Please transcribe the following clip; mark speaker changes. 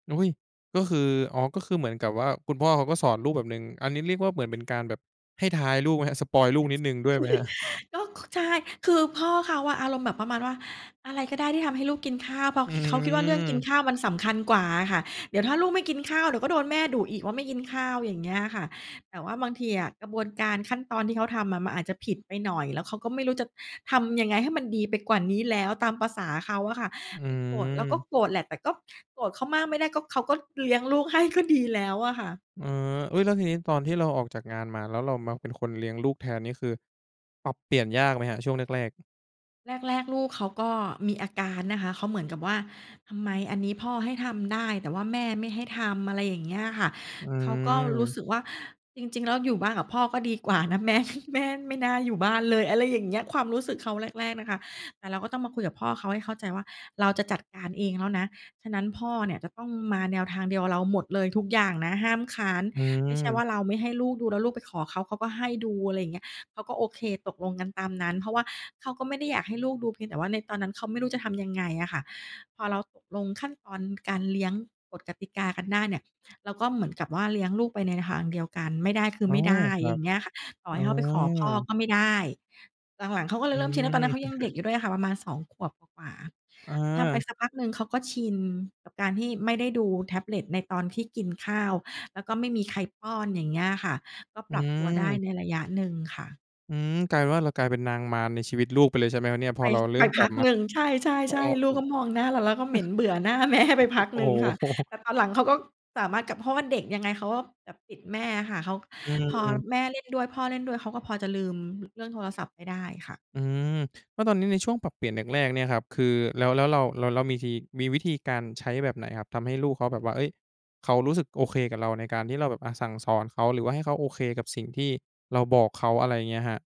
Speaker 1: อุ๊ย! ก็คือ อ๋อ ก็คือเหมือนกับว่า คุณพ่อเขาก็สอนลูกแบบหนึ่ง อันนี้เรียกว่า เหมือนเป็นการแบบให้ท้ายลูกไหมครับ? สปอยล์ลูกนิดหนึ่งด้วยไหมครับ?
Speaker 2: ก็ ค ใช่ คือพ่อเขาอะอารมณ์แบบประมาณว่า อะไรก็ได้ที่ทำให้ลูกกินข้าว เพราะ
Speaker 1: อื
Speaker 2: ขิ เขาคิดว่า เรื่องกิน
Speaker 1: อ
Speaker 2: ข้าวมันสำคัญกว่าอะค่ะ เดี๋ยวถ้าลูกไม่กินข้าว เดี๋ยวก็โดนแม่ดุอีกว่า ไม่กินข้าว อย่างเงี้ยค่ะ แต่ว่าบางทีอะกระบวนการขั้นตอนที่เขาทำอะ มันอาจจะผิดไปหน่อย แล้วเขาก็ไม่รู้จะทำยังไงให้มันดีไปกว่านี้แล้ว ตามประสาเขาอะค่ะ
Speaker 1: อ
Speaker 2: ไอ้โกรธเราก็
Speaker 1: ือ
Speaker 2: โกรธแหละ แต่ก็โกรธเขามากไม่ได้ ก็ เขาก็เลี้ยงลูกให้ก็ดีแล้วอะค่ะ
Speaker 1: เออ อุ๊ย! แล้วทีนี้ ตอนที่เราออกจากงานมา แล้วเรามาเป็นคนเลี้ยงลูกแทน นี่คือปรับเปลี่ยนยากไหมครับ ช่วงแรก ๆ?
Speaker 2: แรก ๆ ลูกเขาก็มีอาการนะคะ เขาเหมือนกับว่า ทำไมอันนี้พ่อให้ทำได้ แต่ว่าแม่ไม่ให้ทำ อะไรอย่างเงี้ยค่ะ
Speaker 1: อ
Speaker 2: เขาก็รู้
Speaker 1: ือ
Speaker 2: สึกว่า จริง ๆ แล้วอยู่บ้านกับพ่อก็ดีกว่านะ แม๊ แม่ไม่น่าอยู่บ้านเลย อะไรอย่างเงี้ย ความรู้สึกเขาแรก ๆ น่ะค่ะ แต่เราก็ต้องมาคุยกับพ่อเขาให้เข้าใจว่า "เราจะจัดการเองแล้วนะ ฉะนั้นพ่อเนี่ย จะต้องมาแนวทางเดียวกับเราหมดเลยทุกอย่างนะ ห้ามค้าน
Speaker 1: อื
Speaker 2: ไม่ใช่ว่
Speaker 1: อ
Speaker 2: าเราไม่ให้ลูกดู แล้วลูกไปขอเขา เขาก็ให้ดู" อะไรเงี้ย เขาก็โอเค ตกลงกันตามนั้น เพราะว่าเขาก็ไม่ได้อยากให้ลูกดู เพียงแต่ว่า ในตอนนั้นเขาไม่รู้จะทำยังไงอะค่ะ พอเราตกลงขั้นตอนการเลี้ยง กฎกติกากันได้เนี่ย เราก็เหมือนกับว่า เลี้ยงลูกไปในทางเดียวกัน ไม่ได้คือ
Speaker 1: อ๋
Speaker 2: ไ
Speaker 1: อ
Speaker 2: ม่ได้
Speaker 1: ครั
Speaker 2: อย่
Speaker 1: บ
Speaker 2: างเงี้ยค่ะ ต่อ
Speaker 1: อ๋
Speaker 2: ให้
Speaker 1: อ
Speaker 2: เขาไปขอพ่อ ก็ไม่ได้ หลัง ๆ เขาก็เล
Speaker 1: อ
Speaker 2: ย
Speaker 1: ื
Speaker 2: เริ่มชิน แล้วตอนนั้นเขา
Speaker 1: ม
Speaker 2: ยังเด็กอยู่ด้วยอะค่ะ ประมาณ 2 ขวบกว่า
Speaker 1: อ
Speaker 2: ๆ ทำไป
Speaker 1: า
Speaker 2: สักพักหนึ่งเขาก็ชินกับการที่ไม่ได้ดูแท็บเล็ตในตอนที่กินข้าว แล้วก็ไม่มีใครป้อน อย่างเงี้ยค่ะ ก็
Speaker 1: อื
Speaker 2: ปรับตัวได้
Speaker 1: ม
Speaker 2: ในระยะหนึ่งค่ะ
Speaker 1: อืม กลายเป็นว่า เรากลายเป็นนางมารในชีวิตลูกไปเลย ใช่ไหมครับเนี่ย? พ
Speaker 2: ไ
Speaker 1: อ
Speaker 2: ป
Speaker 1: เราเริ่
Speaker 2: ไป
Speaker 1: มก
Speaker 2: พ
Speaker 1: ลั
Speaker 2: ั
Speaker 1: บ
Speaker 2: ก
Speaker 1: มา
Speaker 2: หนึ่ง ใช่ ๆ ๆ ลูกก็มองหน้าเรา แล้วก็เหม็นเบื่อหน้า แม่ ไปพัก
Speaker 1: โอ
Speaker 2: ห
Speaker 1: ้
Speaker 2: นึ่งค่ะ
Speaker 1: โ
Speaker 2: แ
Speaker 1: ฮ
Speaker 2: ต่ตอนหลังเขาก็สามารถกลับ เพราะว่าเด็กยังไงเขาก็แบบติดแม่อะค่ะ เขา
Speaker 1: อ
Speaker 2: พอ
Speaker 1: ืม
Speaker 2: แม่เล่นด้วย พ่อเล่นด้วย เขาก็พอจะลืม ร เรื่องโทรศัพท์ไปได้ค่ะ
Speaker 1: อืม แล้วตอนนี้ ในช่วงปรับเปลี่ยนแรก ๆ เนี่ยครับ คือแล้ว แล้วเรา เรา เรามีที มีวิธีการใช้แบบไหนครับ? ทำให้ลูกเขาแบบว่า เฮ้ย! เขารู้สึกโอเคกับเรา ในการที่เราแบบ อะ สั่งสอนเขา หรือว่าให้เขาโอเคกับสิ่งที่เราบอกเขา อะไรเงี้ยครับ